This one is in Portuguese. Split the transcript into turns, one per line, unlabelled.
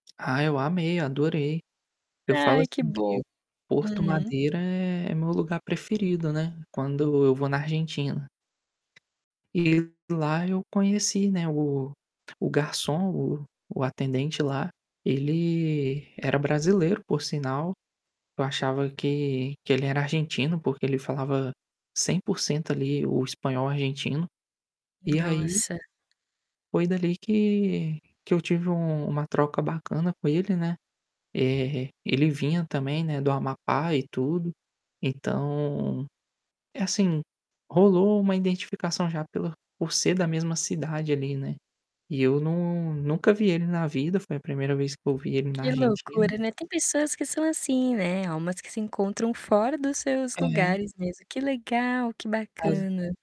Ah, eu amei, adorei. Eu falo
Ai que
assim,
bom,
que Porto
hum.
Madero é é meu lugar preferido, né. Quando eu vou na Argentina. E lá eu conheci, né, o o garçom, o o atendente lá, ele era brasileiro, por sinal. Eu achava que que ele era argentino porque ele falava 100%, ali, o espanhol argentino. E aí
Nossa.
foi dali que que eu tive um uma troca bacana com ele, né, eh, ele vinha também, né, do Amapá e tudo. Então, é assim, rolou uma identificação já pela por ser da mesma cidade ali, né. E eu não nunca vi ele na vida, foi a 1ª vez que eu vi ele na
Que
Argentina.
loucura, né, tem pessoas que são assim, né, almas que se encontram fora dos seus
É.
lugares mesmo. Que legal, que
Casa.
bacana.